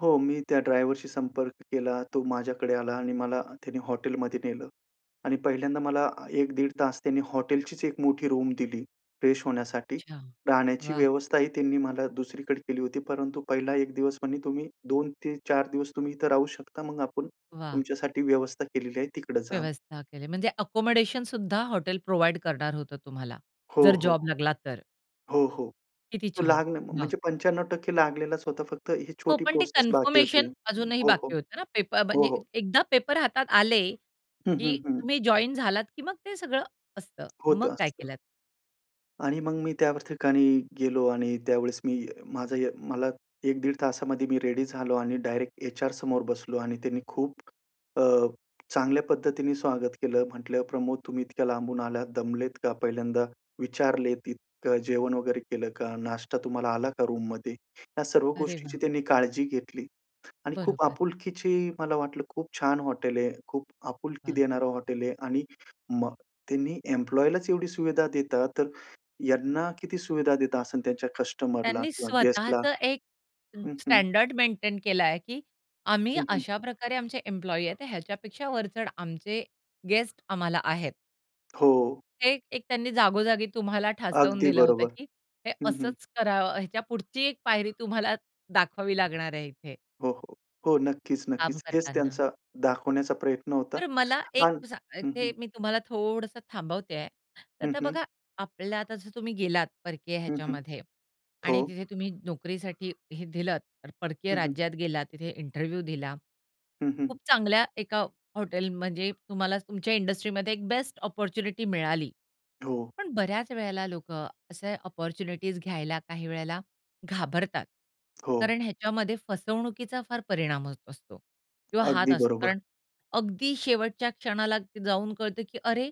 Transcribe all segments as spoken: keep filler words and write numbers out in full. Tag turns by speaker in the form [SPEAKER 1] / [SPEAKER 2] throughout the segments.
[SPEAKER 1] हो, मी त्या ड्रायव्हरशी संपर्क केला. तो माझ्याकडे आला आणि मला त्याने हॉटेलमध्ये नेलं आणि पहिल्यांदा मला एक दीड तास त्यांनी हॉटेलचीच एक मोठी रूम दिली. फ्रेश होण्यासाठी
[SPEAKER 2] अच्छा.
[SPEAKER 1] राहण्याची
[SPEAKER 2] वाह!
[SPEAKER 1] व्यवस्थाही त्यांनी मला दुसरीकडे केली होती, परंतु पहिला एक दिवस पण तुम्ही दोन ते चार दिवस तुम्ही इथे राहू शकता. मग आपण
[SPEAKER 2] वाह!
[SPEAKER 1] तुमच्यासाठी व्यवस्था केलेली आहे तिकडं जा.
[SPEAKER 2] व्यवस्था केली. म्हणजे अकोमोडेशन सुद्धा हॉटेल प्रोव्हाईड करणार होतं तुम्हाला
[SPEAKER 1] हो,
[SPEAKER 2] जर
[SPEAKER 1] हो.
[SPEAKER 2] जॉब लागला तर.
[SPEAKER 1] हो, हो.
[SPEAKER 2] किती
[SPEAKER 1] तो
[SPEAKER 2] छान.
[SPEAKER 1] लागलं
[SPEAKER 2] वाह!
[SPEAKER 1] म्हणजे पंच्याण्णव टक्के लागलेलाच होता. फक्त ही
[SPEAKER 2] हो,
[SPEAKER 1] छोटी
[SPEAKER 2] पण ते
[SPEAKER 1] प्रोसेस बाकी होती.
[SPEAKER 2] कन्फर्मेशन
[SPEAKER 1] हं.
[SPEAKER 2] अजूनही
[SPEAKER 1] हो, हो.
[SPEAKER 2] बाकी होतं ना पेप
[SPEAKER 1] हो,
[SPEAKER 2] म्हणजे
[SPEAKER 1] हो.
[SPEAKER 2] एकदा पेपर हातात आले
[SPEAKER 1] हं, हं,
[SPEAKER 2] की
[SPEAKER 1] हं.
[SPEAKER 2] तुम्ही जॉइन झालात की मग ते सगळं असतं. मग
[SPEAKER 1] होतं
[SPEAKER 2] काय
[SPEAKER 1] असतं.
[SPEAKER 2] केलंत?
[SPEAKER 1] आणि मग मी त्यावर ठिकाणी गेलो आणि त्यावेळेस मी माझं य मला एक दीड तासामध्ये मी रेडी झालो आणि डायरेक्ट एचआर समोर बसलो आणि त्यांनी खूप अ, चांगल्या पद्धतीने स्वागत केलं. म्हटलं प्रमोद, तुम्ही इतक्या लांबून आलात, दमलेत का? पहिल्यांदा विचारलेत इतकं जेवण वगैरे केलं का? नाश्ता तुम्हाला आला का रूममध्ये? या सर्व
[SPEAKER 2] अरे वाह!
[SPEAKER 1] गोष्टींची त्यांनी काळजी घेतली. आणि खूप
[SPEAKER 2] बरोबर.
[SPEAKER 1] आपुलकीची मला वाटलं, खूप छान हॉटेल आहे. खूप आपुलकी
[SPEAKER 2] हां.
[SPEAKER 1] देणारं हॉटेल आहे आणि मग त्यांनी एम्प्लॉयीलाच एवढी सुविधा देतात तर यांना किती सुविधा देत असेल त्यांच्या कस्टमरला
[SPEAKER 2] त्यांनी
[SPEAKER 1] किंवा गेस्टला.
[SPEAKER 2] स्वतःच एक
[SPEAKER 1] हं, हं.
[SPEAKER 2] स्टँडर्ड मेंटेन केलाय, की आम्ही
[SPEAKER 1] हं, हं.
[SPEAKER 2] अशा प्रकारे आमचे एम्प्लॉयी आहेत, तर ह्याच्यापेक्षा वरचढ आमचे गेस्ट आम्हाला आहेत.
[SPEAKER 1] हो.
[SPEAKER 2] हे एक त्यांनी जागोजागी तुम्हाला ठासवून
[SPEAKER 1] अगदी
[SPEAKER 2] दिलं होतं,
[SPEAKER 1] बरोबर.
[SPEAKER 2] की हे
[SPEAKER 1] हं, हं.
[SPEAKER 2] असंच करा. ह्याच्या पुढची एक पायरी तुम्हाला दाखवावी लागणार आहे इथे.
[SPEAKER 1] हो, हो. हो नक्कीच,
[SPEAKER 2] काम
[SPEAKER 1] नक्कीच, हेच
[SPEAKER 2] करतांना.
[SPEAKER 1] त्यांचा दाखवण्याचा प्रयत्न होता.
[SPEAKER 2] तर मला एक
[SPEAKER 1] आणि
[SPEAKER 2] सा
[SPEAKER 1] हं,
[SPEAKER 2] ते
[SPEAKER 1] हं.
[SPEAKER 2] मी तुम्हाला थोडंसं थांबवते आहे. तर
[SPEAKER 1] हं,
[SPEAKER 2] आता
[SPEAKER 1] हं.
[SPEAKER 2] बघा आपल्या आता जर तुम्ही गेलात परकीय
[SPEAKER 1] हं, हं.
[SPEAKER 2] ह्याच्यामध्ये आणि
[SPEAKER 1] हो.
[SPEAKER 2] तिथे तुम्ही नोकरीसाठी हे दिलंत परकीय
[SPEAKER 1] हं, हं.
[SPEAKER 2] राज्यात गेलात तिथे इंटरव्ह्यू दिला.
[SPEAKER 1] हं, हं, हं.
[SPEAKER 2] खूप चांगल्या एका हॉटेल म्हणजे तुम्हाला तुमच्या इंडस्ट्रीमध्ये एक बेस्ट अपॉर्च्युनिटी मिळाली.
[SPEAKER 1] हो.
[SPEAKER 2] पण बऱ्याच वेळेला लोकं असे अपॉर्च्युनिटीज घ्यायला काही वेळेला घाबरतात.
[SPEAKER 1] हो.
[SPEAKER 2] कारण ह्याच्यामध्ये फसवणुकीचा फार परिणाम होत असतो किंवा हात
[SPEAKER 1] अगदी
[SPEAKER 2] असतो
[SPEAKER 1] बरोबर.
[SPEAKER 2] कारण अगदी शेवटच्या क्षणाला जाऊन कळतं, की अरे,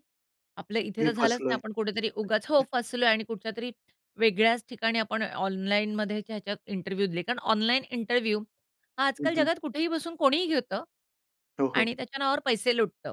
[SPEAKER 2] आपलं इथे
[SPEAKER 1] मी
[SPEAKER 2] तर झालंच नाही.
[SPEAKER 1] फसलोय.
[SPEAKER 2] आपण कुठेतरी उगाच हो, फसलोय आणि कुठच्यातरी वेगळ्याच ठिकाणी आपण ऑनलाईनमध्ये ह्याच्यात इंटरव्ह्यू दिले कारण ऑनलाईन इंटरव्ह्यू हा
[SPEAKER 1] हं,
[SPEAKER 2] आजकाल
[SPEAKER 1] हं.
[SPEAKER 2] जगात कुठेही बसून कोणीही घेतं
[SPEAKER 1] हो, हो.
[SPEAKER 2] आणि त्याच्या नावावर पैसे लुटतं.